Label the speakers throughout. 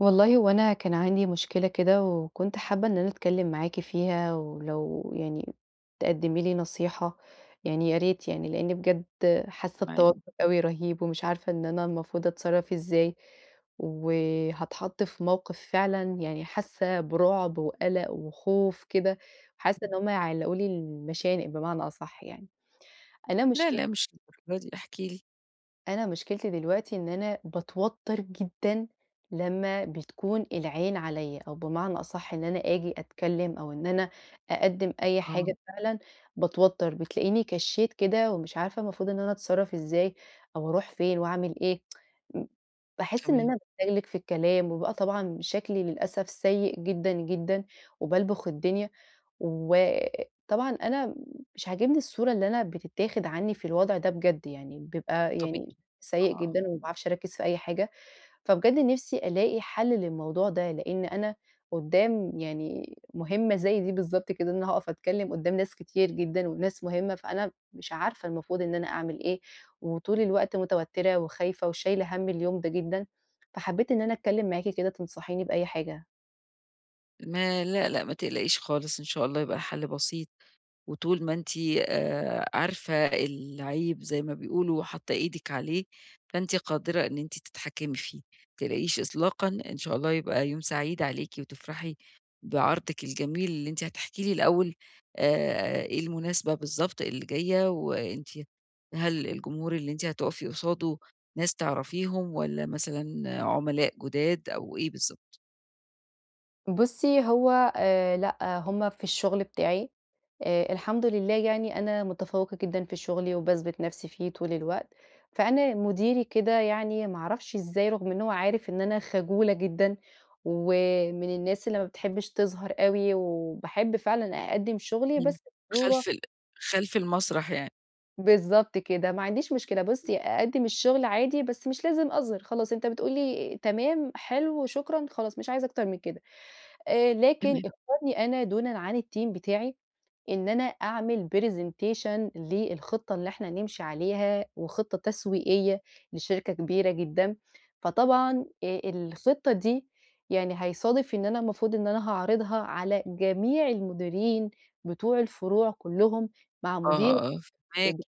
Speaker 1: والله هو أنا كان عندي مشكلة كده، وكنت حابّة إن أنا أتكلّم معاكِ فيها، ولو يعني تقدمي لي نصيحة، يعني يا ريت يعني لأني بجد حاسّة
Speaker 2: معاكِ.
Speaker 1: بتوتّر أوي رهيب ومش عارفة إن أنا المفروض أتصرّف إزاي، وهاتحط في موقف فعلًا يعني حاسّة برعب وقلق وخوف كده، وحاسّة إن هُم هيعلقوا لي المشانق بمعنى أصح يعني، أنا
Speaker 2: لأ
Speaker 1: مشكل
Speaker 2: لأ مش للدرجة دي، احكي لي.
Speaker 1: أنا مشكلتي دلوقتي إن أنا باتوتر جدًا لمّا بتكون العين عليَّ أو بمعنى أصح إن أنا أجي أتكلّم أو إن أنا أقدّم أي
Speaker 2: آه.
Speaker 1: حاجة فعلًا باتوتر، بتلاقيني كشيت كده ومش عارفة المفروض إن أنا أتصرّف إزاي أو أروح فين وأعمل إيه، ب باحس إن
Speaker 2: تمام.
Speaker 1: أنا باتلجلج في الكلام وببقى طبعًا شكلي للأسف سيء جدًا، جدًا وبالبخ الدنيا، وطبعًا أنا مش عجبني الصورة اللي أنا بتتاخد عنّي في الوضع ده بجد يعني بيبقى
Speaker 2: طبيعي،
Speaker 1: يعني
Speaker 2: آه،
Speaker 1: سيء
Speaker 2: آه.
Speaker 1: جدًا وما باعرفش أركز في أي حاجة. فبجَد نفسي ألاقي حل للموضوع ده لإن أنا قدّام يعني مهمّة زي دي بالضبط كده إن أنا هاقف أتكلّم قدّام ناس كتير جدًا وناس مهمّة، فأنا مش عارفة المفروض إن أنا أعمل إيه، وطول الوقت متوتّرة وخايفة وشايلة هَم اليوم ده جدًا، فحبيت إن أنا أتكلّم معاكِ كده تنصحيني بأي حاجة.
Speaker 2: ما لأ، لأ، ما تقلقيش خالص، إن شاء الله يبقى حل بسيط، وطول ما أنتِ آآ، عارفة العيب زي ما بيقولوا وحاطّة إيدِك عليه فأنتِ قادرة إن أنتِ تتحكمي فيه. ما تقلقيش إطلاقًا، إن شاء الله يبقى يوم سعيد عليكِ وتفرحي بعرضِك الجميل، اللي أنتِ هتحكي لي الأول آآ، إيه المناسبة بالضبط اللي جاية، وأنتِ هل الجمهور اللي أنتِ هتقفي قصاده ناس تعرفيهم والّا مثلًا عملاء جداد أو إيه بالضبط؟
Speaker 1: بُصّي هو آآ، لأ، هم في الشغل بتاعي آآ، الحمد لله يعني أنا متفوقة جدًا في شغلي، وباثبت نفسي فيه طول الوقت. فأنا مديري كده يعني ما أعرفش أزاي، رغم إن هو عارف إن أنا خجولة جدًا ومن الناس اللي ما بتحبش تظهر أوي، وباحب فعلًا أقدّم شغلي
Speaker 2: امم،
Speaker 1: بس بصورة
Speaker 2: خلف ال خلف المسرح يعني.
Speaker 1: بالضبط كده، ما عنديش مشكلة. بُصّي، أقدّم الشغل عادي بس مش لازم اظهر، خلاص أنت بتقول لي: "تمام، حلو، شكرًا." خلاص مش عايزة أكتر من كده آآ، لكن
Speaker 2: تمام.
Speaker 1: اختارني أنا دونًا عن الteam بتاعي إن أنا أعمل presentation للخطة اللي إحنا نمشي عليها، وخطة تسويقية لشركة كبيرة جدًا، فطبعًا آآ، الخطة دي يعني هيصادف إن أنا المفروض إن أنا هاعرضها على جميع المديرين بتوع الفروع كلّهم مع
Speaker 2: آه،
Speaker 1: مديري.
Speaker 2: آه، فاهماكِ.
Speaker 1: [unintelligible]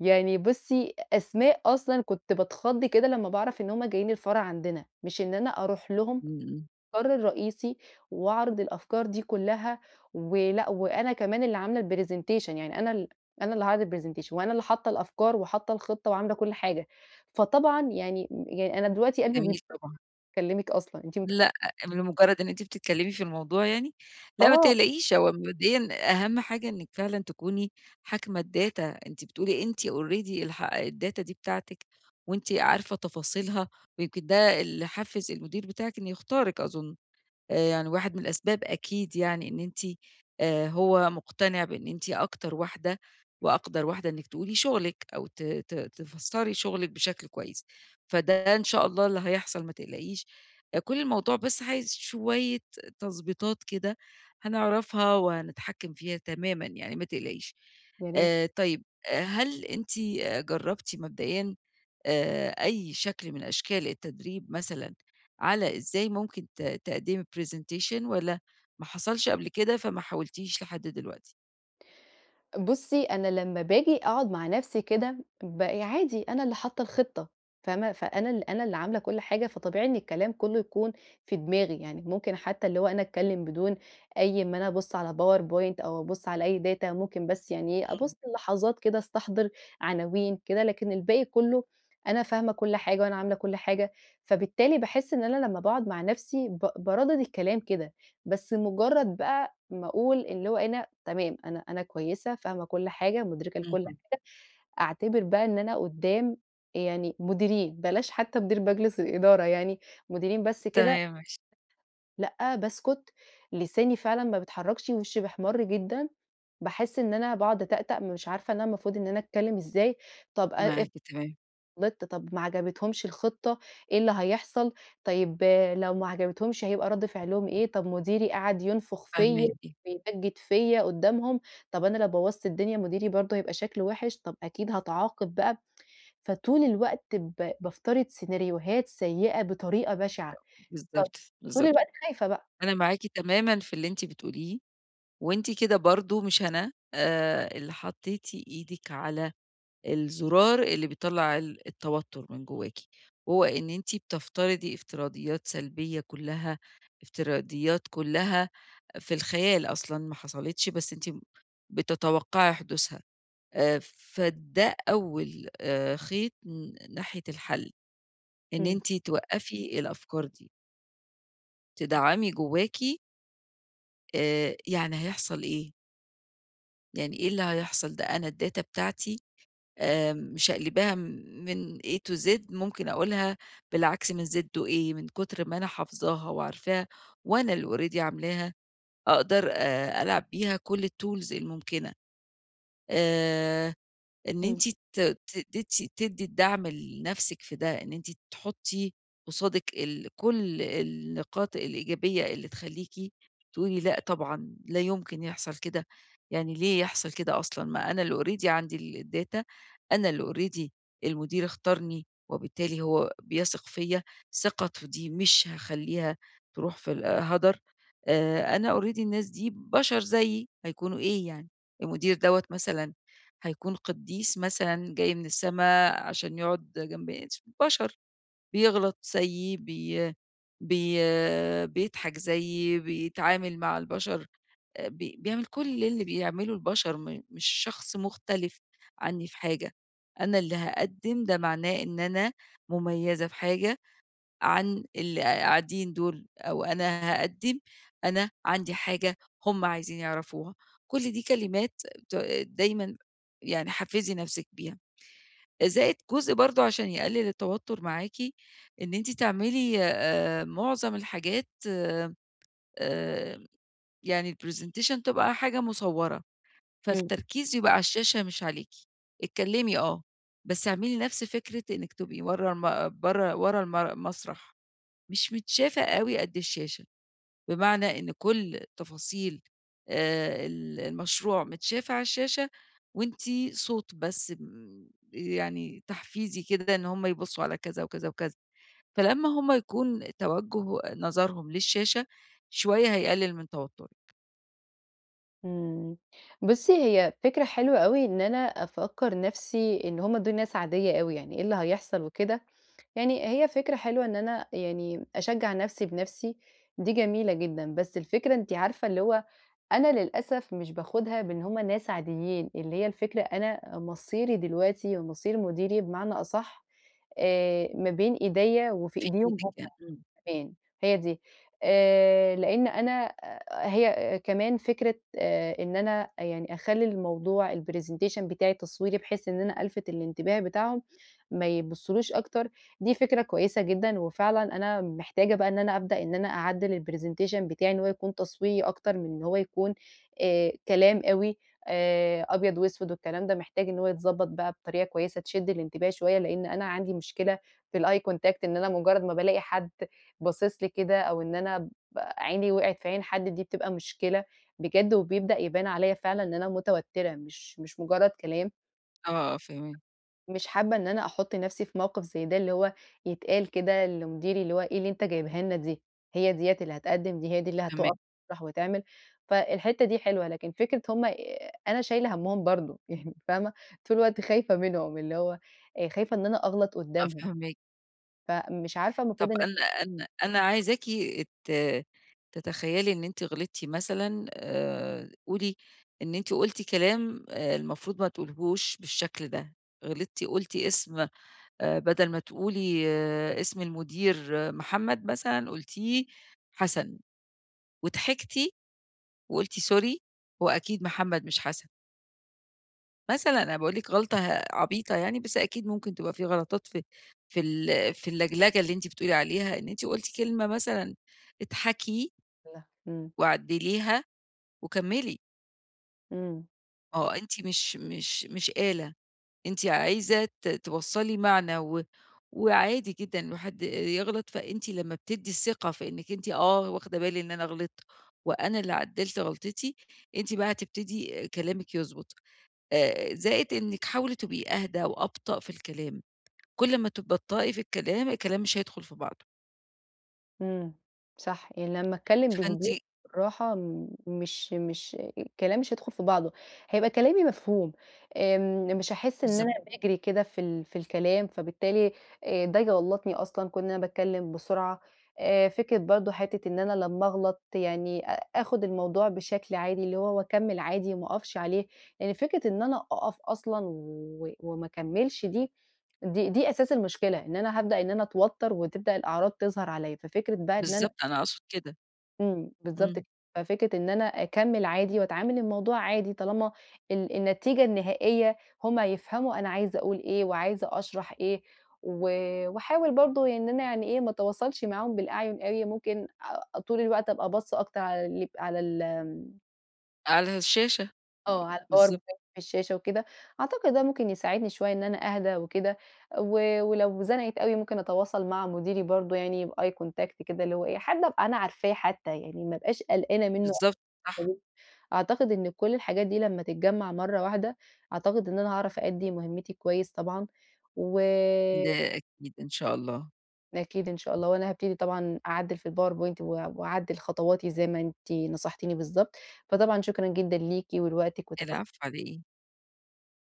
Speaker 1: يعني بُصّي، أسماء أصلًا كنت باتخض كده لمّا باعرف إن هُم جايين الفرع عندنا، مش إن أنا أروح لهم
Speaker 2: امم، امم.
Speaker 1: المقر الرئيسي وأعرض الأفكار دي كلّها. ولأ، وأنا كمان اللي عاملة الpresentation، يعني أنا ال أنا اللي هاعرض الpresentation وأنا اللي حاطة الأفكار وحاطة الخطة وعاملة كل حاجة، فطبعًا يعني يعني أنا دلوقتي قلبي
Speaker 2: جميل،
Speaker 1: [unintelligible]
Speaker 2: طبعًا.
Speaker 1: باكلمِك أصلًا، أنتِ متخيلة؟
Speaker 2: لأ، بمجرد إن أنتِ بتتكلمي في الموضوع يعني؟ لأ، ما
Speaker 1: آه.
Speaker 2: تقلقيش، هو مبدئيًا أهم حاجة إنِّك فعلًا تكوني حاكمة الdata، أنتِ بتقولي أنتِ already الح الdata دي بتاعتِك وأنتِ عارفة تفاصيلها، ويمكن ده اللي حفّز المدير بتاعِك إنه يختارِك أظن، آآ، يعني واحد من الأسباب أكيد يعني إن أنتِ آآ، هو مقتنع بإن أنتِ أكتر واحدة وأقدر واحدة إنِّك تقولي شغلِك أو ت ت تفسري شغلِك بشكل كويس، فده إن شاء الله اللي هيحصل ما تقلقيش، كل الموضوع بس عايز شوية تضبيطات كده هنعرفها وهنتحكّم فيها تمامًا يعني ما تقلقيش.
Speaker 1: يا ريت.
Speaker 2: آآ، طيب، هل أنتِ جربتِ مبدئيًا آآ، أي شكل من أشكال التدريب مثلًا على إزاي ممكن ت تقدّمي presentation والّا ما حصلش قبل كده فما حاولتيش لحد دلوقتي؟
Speaker 1: بصي، أنا لما باجي أقعد مع نفسي كده، بقي عادي أنا اللي حاطة الخطة فاهمة، فأنا ال أنا اللي عاملة كل حاجة، فطبيعي إن الكلام كله يكون في دماغي، يعني ممكن حتى اللي هو أنا أتكلم بدون أي أما أنا أبص على powerpoint أو أبص على أي data ممكن بس يعني إيه،
Speaker 2: إمم.
Speaker 1: أبص لحظات كده استحضر عناوين كده، لكن الباقي كله أنا فاهمة كل حاجة وأنا عاملة كل حاجة، فبالتالي باحس إن أنا لما باقعد مع نفسي ب باردد الكلام كده، بس مجرد بقى ما أقول اللي هو إيه، أنا تمام أنا أنا كويسة فاهمة كل حاجة مدركة لكل
Speaker 2: اهم.
Speaker 1: حاجة، أعتبر بقى إن أنا قدام يعني مديرين، بلاش حتى مدير مجلس الإدارة، يعني مديرين بس كده.
Speaker 2: تمام، ماشي.
Speaker 1: لأ، باسكت، لساني فعلًا ما بيتحركش، وشي بيحمّر جدًا، باحس إن أنا باقعد أتأتأ، مش عارفة إن المفروض إن أنا أتكلم إزاي، طب آآ، افرض
Speaker 2: معاكِ، تمام.
Speaker 1: غلطت طب ما عجبتهمش الخطة، إيه اللي هيحصل، طيب لو ما عجبتهمش هيبقى رد فعلهم إيه، طب مديري قعد ينفخ فيا
Speaker 2: فهماكِ.
Speaker 1: ويمجد فيا قدامهم، طب أنا لو بوظت الدنيا مديري برضو هيبقى شكله وحش، طب أكيد هاتعاقب بقى. فطول الوقت ب بافترض سيناريوهات سيئة بطريقة بشعة،
Speaker 2: [unintelligible]
Speaker 1: ف
Speaker 2: بالضبط،
Speaker 1: طول
Speaker 2: بالضبط.
Speaker 1: الوقت خايفة بقى.
Speaker 2: أنا معاكِ تمامًا في اللي أنتِ بتقوليه، وأنتِ كده برضو مش أنا، آآ، اللي حطيتِ إيدِك على الزرار اللي بيطلّع ال التوتر من جواكِ، هو إن أنتِ بتفترضي افتراضيات سلبية كلها، افتراضيات كلها في الخيال أصلًا ما حصلتش، بس أنتِ بتتوقعي حدوثها. فده أول آآ، خيط ن ناحية الحل، إن
Speaker 1: إمم.
Speaker 2: أنتِ توقفي الأفكار دي. تدعمي جواكِ. آآ، يعني هيحصل إيه؟ يعني إيه اللي هيحصل، ده أنا الداتا بتاعتي آآ، مشقلباها من A to Z ممكن أقولها بالعكس من Z to A من كتر ما أنا حافظاها وعارفاها وأنا اللي already عاملاها، أقدر ألعب بيها كل الtools الممكنة. آآ، إن
Speaker 1: إمم.
Speaker 2: أنتِ ت ت تدي تدي الدعم لنفسِك في ده إن أنتِ تحطّي قصادِك ال كل النقاط الإيجابية اللي تخليكِ تقولي لأ، طبعًا لا يمكن يحصل كده، يعني ليه يحصل كده أصلًا ما أنا اللي already عندي الdata أنا اللي already المدير اختارني، وبالتالي هو بيثق فيَّ، ثقته دي مش هاخلّيها تروح في ال هدر. آآ، أنا already الناس دي بشر زيي، هيكونوا إيه يعني؟ المدير دَوَّة مثلًا هيكون قديس مثلًا جاي من السما عشان يقعد جنب [unintelligible] بشر، بيغلط زيي، بي بي بيضحك زيي، بيتعامل مع البشر، بي بيعمل كل اللي بيعمله البشر، م مش شخص مختلف عني في حاجة، أنا اللي هاقدم، ده معناه إن أنا مميزة في حاجة عن اللي قاعدين دول أو أنا هاقدم، أنا عندي حاجة هم عايزين يعرفوها، كل دي كلمات ت دايمًا يعني حفزي نفسِك بيها. زائد جزء برضو عشان يقلل التوتر معاكِ إن أنتِ تعملي معظم الحاجات آآ، يعني الpresentation تبقى حاجة مُصَورة،
Speaker 1: إمم.
Speaker 2: فالتركيز يبقى على الشاشة مش عليكِ، اتكلمي آه، بس اعملي نفس فكرة إنِك تبقي ورا الم برا ورا المر المسرح، مش متشافة أوي قد الشاشة. بمعنى إن كل التفاصيل آآ، ال المشروع متشافة على الشاشة، وأنتِ صوت بس آمم، يعني تحفيزي كده إن هم يبصوا على كذا وكذا وكذا. فلمّا هم يكون توجه نظرهم للشاشة، شوية هيقلل من توترِك.
Speaker 1: إمم، بُصي هي فكرة حلوة أوي إن أنا أفكّر نفسي إن هُم دول ناس عادية أوي يعني، إيه اللي هيحصل وكده، يعني هي فكرة حلوة إن أنا يعني، أشجّع نفسي بنفسي دي جميلة جدًا. بس الفكرة أنتِ عارفة اللي هو، أنا للأسف مش باخدها بإن هُم ناس عاديين، اللي هي الفكرة أنا مصيري دلوقتي ومصير مديري بمعنى أصح، آآ ما بين إيديّا وفي
Speaker 2: في
Speaker 1: إيديهم
Speaker 2: إيدِك
Speaker 1: هُم
Speaker 2: يعني، إمم.
Speaker 1: كمان هي دي، آآ لإن أنا هي كمان فكرة آآ إن أنا يعني أخلّي الموضوع الpresentation بتاعي تصويري بحيث إن أنا ألفِت الإنتباه بتاعهم، ما يبصولوش أكتر، دي فكرة كويسة جدًا، وفعلًا أنا محتاجة بقى إن أنا أبدأ إن أنا أعدّل الpresentation بتاعي إن هو يكُون تصويري أكتر من إن هو يكُون، آآ كلام أوي آآ أبيض وأسود والكلام ده، محتاج إن هو يتضبط بقى بطريقة كويسة تشد الانتباه شوية لإن أنا عندي مشكلة، في الeye contact إن أنا مجرد ما بالاقي حد باصص لي كده، أو إن أنا ب عيني وقعِت في عين حد دي بتبقى مشكلة، بجد وبيبدأ يبان عليّا فعلًا إن أنا متوترة، مش مش مجرد كلام.
Speaker 2: آه فاهماكِ.
Speaker 1: مش حابة إن أنا أحط نفسي في موقف زي ده، اللي هو يتقال كده لمديري اللي هو إيه اللي أنت جايبها لنا دي، هي ديّة اللي هتقدم، دي هي دي اللي
Speaker 2: تمام.
Speaker 1: هتقف [unintelligible] وتعمل، فالحتة دي حلوة لكن فكرة هُم أنا شايلة همّهُم برضه، يعني فاهمة طول الوقت خايفة منهم اللي هو آآ خايفة إن أنا أغلط
Speaker 2: آه
Speaker 1: قدامهم،
Speaker 2: فاهماكِ
Speaker 1: فمش عارفة المفروض
Speaker 2: طب
Speaker 1: إن أنا
Speaker 2: أنا أنا أنا عايزاكِ ت تتخيلي إن أنتِ غلطتِ مثلًا آآ قولي، إن أنتِ قلتِ كلام المفروض ما تقوليهوش بالشكل ده، غلطتِ قلتِ اسم آآ بدل ما تقولي اسم المدير محمد مثلًا، قلتيه حسن وضحكتِ، وقلتِ سوري هو أكيد محمد مش حسن. مثلًا أنا باقول لِك غلطة ه عبيطة يعني بس أكيد ممكن تبقى في غلطات في في ال في اللجلجة اللي أنتِ بتقولي عليها، إن أنتِ قلتِ كلمة مثلًا إضحكي
Speaker 1: منها، امم.
Speaker 2: وعدّليها، وكملي.
Speaker 1: إمم.
Speaker 2: ما هو أنتِ مش مش مش آلة أنتِ عايزة ت توصّلي معنى، و وعادي جدًا إنه حد يغلط، فأنتِ لما بتدي الثقة فإنك أنتِ آه واخدة بالي إن أنا غلطت، وأنا اللي عدلت غلطتي؛ أنتِ بقى هتبتدي كلامك يضبط، آآ زائد إنِك حاولي تبقي أهدى وأبطأ في الكلام، كل لما تبطئي في الكلام، الكلام مش هيدخل في بعضه.
Speaker 1: إمم، صح، يعني لمّا أتكلّم
Speaker 2: فأنتِ
Speaker 1: بهدوء، بالراحه مش مش الكلام مش هيدخل في بعضه، هيبقى كلامي مفهوم، آمم، مش هاحس إن
Speaker 2: بالضبط.
Speaker 1: أنا باجري كده في ال في الكلام فبالتالي ده يغلطني أصلًا كون إن أنا باتكلم بسرعة. آآ، فكرة برضو حتّة إن أنا لمّا أغلط يعني أ آخد الموضوع بشكل عادي، اللي هو وأكمل عادي ما أقفش عليه، يعني فكرة إن أنا أقف أصلًا و وما أكمّلش دي، دي دي أساس المشكلة، إن أنا هابدأ إن أنا أتوتر وتبدأ الأعراض تظهر عليّا، ففكرة بقى إن أنا
Speaker 2: بالضبط، أنا أقصد كده.
Speaker 1: إمم، بالضبط
Speaker 2: إمم.
Speaker 1: ك ففكرة إن أنا أكمّل عادي وأتعامل الموضوع عادي، طالما ال النتيجة النهائية هم هيفهموا أنا عايزة أقول إيه وعايزة أشرح إيه، و وأحاول برضه يعني إن أنا يعني إيه، ما أتواصلش معاهم بالأعين أوي، ممكن أ طول الوقت أبقى باصّة أكتر على ال على ال آمم
Speaker 2: على الشاشة، امم،
Speaker 1: آه، على الpower
Speaker 2: بالضبط.
Speaker 1: point في الشاشة وكده، أعتقد ده ممكن يساعدني شويّة إن أنا أهدى وكده. و ولو زنقت أوي ممكن أتواصل مع مديري برضو بeye contact كده اللي هو إيه، حد ابقى أنا عارفاه حتّى، يعني ما ابقاش قلقانة منّه
Speaker 2: بالضبط، صح.
Speaker 1: [unintelligible] أعتقد إن كل الحاجات دي لمّا تتجمَّع مرّة واحدة، أعتقد إن أنا هاعرف أؤدي مهمتي كويّس طبعًا و
Speaker 2: ده أكيد، إن شاء الله.
Speaker 1: أكيد إن شاء الله، وأنا هابتدي طبعًا أعدِّل في الpowerpoint و وأعدل خطواتي زي ما أنتِ نصحتيني بالضبط، فطبعًا شكرًا جدًا ليكِ ولوقتِك وتفه
Speaker 2: العفو، على إيه.